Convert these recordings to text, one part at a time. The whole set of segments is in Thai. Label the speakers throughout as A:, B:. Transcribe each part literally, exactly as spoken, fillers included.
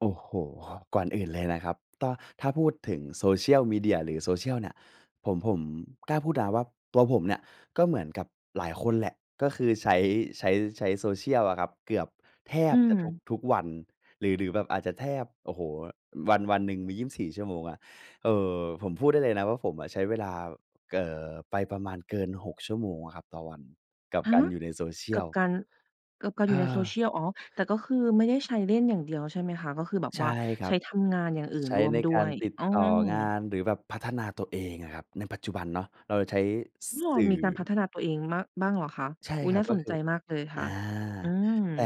A: โอ้โฮ ก่อนอื่นเลยนะครับ ต้อ ถ้าพูดถึง Social Media หรือ Social เนี่ย ผม ผมกล้าพูดนะว่า ตัวผมเนี่ยก็เหมือนกับหลายคนแหละ ก็คือใช้ ใช้ ใช้ Social อะครับ เกือบแท
B: อื
A: บจะทุก
B: ม
A: ทุกวัน หรือ หรือแบบอาจจะแทบ โอ้โฮ วัน วันหนึ่งมี ยี่สิบสี่ ชั่วโมงอะ เออ ผมพูดได้เลยนะว่า ผมอะใช้เวลา เอ่อ ไปประมาณเกิน หก ชั่วโมงอะครับต่อวัน กับ
B: ฮ
A: ก
B: ะ
A: ารอยู่ใน
B: กับ
A: Social
B: การ กับการอ
A: เ
B: ยู่ใน
A: ออ
B: Social อ๋อ แต่ก็คือไม่ได้ใช้เล่นอย่างเดียวใช่ไหมคะ? ก็คือแบบ
A: ใช
B: ว
A: ่
B: ่า
A: คร
B: ใ
A: ั
B: ช้
A: บ
B: ทำงานอย่างอื่
A: ใ
B: น
A: ช้
B: ร่วม
A: ใน
B: ด้
A: กา
B: ว
A: ร
B: ย
A: ติด
B: อื
A: ต่องา
B: ม
A: น หรือแบบพัฒนาตัวเองอะครับ ในปัจจุบันเนาะเราจะใช้
B: อ้อ
A: สื่
B: ม
A: อ
B: ีการพัฒนาตัวเองมาก บ้างเหรอคะ
A: ใช่
B: อุ๊ย
A: ครั
B: น่
A: บ
B: า
A: ก็
B: สน
A: ค
B: ใจ
A: ือ
B: มากเลยค
A: อ
B: ่
A: า
B: ะ อืม
A: แต่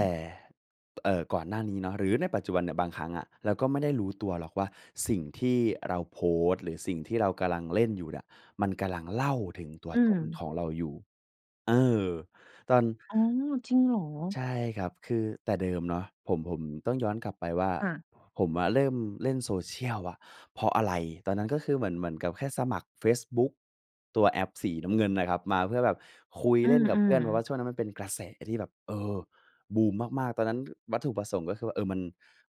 A: เอ่อ ก่อนหน้านี้เนาะ หรือในปัจจุบันเนี่ย บางครั้งอะเราก็ไม่ได้รู้ตัวหรอกว่า สิ่งที่เราโพสต์ หรือสิ่งที่เรากำลังเล่นอยู่เนี่ย มันกำลังเล่าถึงตั
B: อ
A: ว
B: ื
A: ต้น
B: ม
A: ของเราอยู่ เออ ตอน
B: อ๋อ จริงเหรอ?
A: ใช่ครับ คือแต่เดิมเนาะ ผม ผมต้องย้อนกลับไปว่า
B: ค่ะ
A: ผมอะเริ่มเล่น Social อะเพราะอะไร ตอนนั้นก็คือเหมือน เหมือนกับแค่สมัครเฟซบุ๊ก ตัวแอปสีน้ำเงินนะครับ มาเพื่อแบบคุย
B: อื
A: เล่น
B: อ
A: กั
B: อ
A: บ
B: ื
A: เพื่อน เพราะว
B: อ
A: ่าช่วงนั้นมันเป็นกระแสที่แบบ เออ บูมมาก ๆ ตอนนั้นวัตถุประสงค์ ก็คือว่า เออ มัน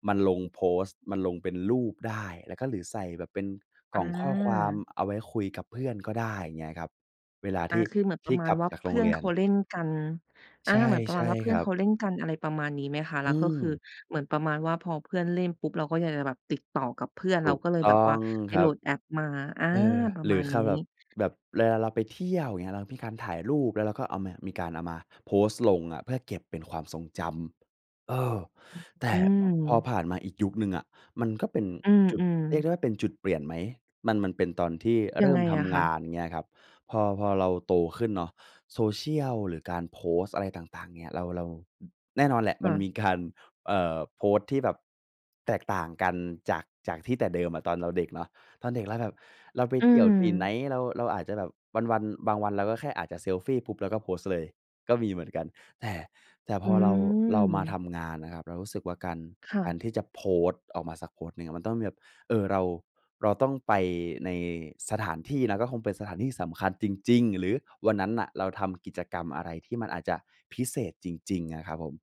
A: มันลงโพสต์ มันลงเป็นรูปได้ แล้วก็ หรือใส่แบบเป็นก
B: อ
A: ล่องข้อความ
B: า
A: เอาไว้คุยกับเพื่อนก็ได้ เงี้ยครับ เวลา
B: อ
A: ท
B: า
A: ี่
B: คือเหมือนป
A: ท
B: ร
A: ี่
B: ะมา
A: ก
B: ณ
A: ลับ
B: ว่า
A: จาก
B: เ
A: โ
B: พ
A: ร
B: ื
A: ง
B: ่อ
A: เร
B: น
A: ีย
B: เข
A: น
B: าเล่นกัน อ
A: ใ
B: า
A: ช่
B: เหมือนปร
A: ใ
B: ะ
A: ช
B: มา
A: ่
B: ณว่า เพื
A: ค
B: ่อ
A: ร
B: น
A: ั
B: เข
A: บ
B: าเล่นกัน อะไรประมาณนี้ไหมคะ
A: อ
B: แล
A: ื
B: ้วก็คือ
A: ม
B: เหมือนประมาณว่า พอเพื่อนเล่นปุ๊บ เราก็อยากจะแบบติดต่อกับเพื่อน
A: ถ
B: เรา
A: ูก
B: ก็เลย
A: ต
B: แบ
A: ้
B: บ
A: อ
B: ว่า
A: ง
B: ไป
A: คร
B: โห
A: ั
B: ล
A: บ
B: ดแอปมา อา
A: เออ
B: ประ
A: หร
B: ม
A: ื
B: า
A: อ
B: ณ
A: ค
B: นี
A: าแบบ
B: ้
A: แบบเวลาเราไปเที่ยว เงี้ย เรามีการถ่ายรูป แล้วเราก็เอามา มีการเอามาโพสต์ลงอะเพื่อเก็บเป็นความทรงจำ เออ
B: อืม
A: แต่
B: อื
A: พอ
B: ม
A: ผ่านมาอีกยุคหนึ่งอะ มันก็เป็น
B: อื
A: จุด
B: ม
A: เรียกได
B: ๆ
A: ้ว่าเป็นจุดเปลี่ยนไหม มัน มันเป็นตอนที่เ
B: ย
A: ร
B: ั
A: ิ
B: ง
A: ่
B: ไ
A: ม
B: ง
A: ท
B: อะค
A: ำง
B: ะ?
A: าน เงี้ยครับ พอ พอเราโตขึ้นเนาะ Social หรือการโพสต์อะไรต่าง ๆ เนี่ย เรา เราแน่นอนแหละ
B: ค
A: มั
B: ่
A: นม
B: ะ
A: ีการ เอ่อ โพสต์ที่แบบ แตกต่างกัน จาก จากที่แต่เดิมอะตอนเราเด็กเนาะ ตอนเด็กแล้วแบบเราไป
B: อื
A: เที่ยวที่ไหน
B: ม
A: เรา เราอาจจะแบบวัน ๆ บางวัน เราก็แค่อาจจะเซลฟีปุ๊บ เราก็โพสต์เลยก็มีเหมือนกัน แต่ แต่พ
B: อื
A: อเรา เรามาท
B: ม
A: ำงานนะครับ เรารู้สึกว่า การ
B: ค่
A: การ
B: ะ
A: ที่จะโพสต์ออกมาสักโพสต์หนึ่งมันต้องมีแบบ เออ เรา เราต้องไปในสถานที่นะ ก็คงเป็นสถานที่สำคัญจริง ๆ หรือวันนั้นน่ะเราทำกิจกรรมอะไรที่มันอาจจะพิเศษจริง ๆ อะครับผม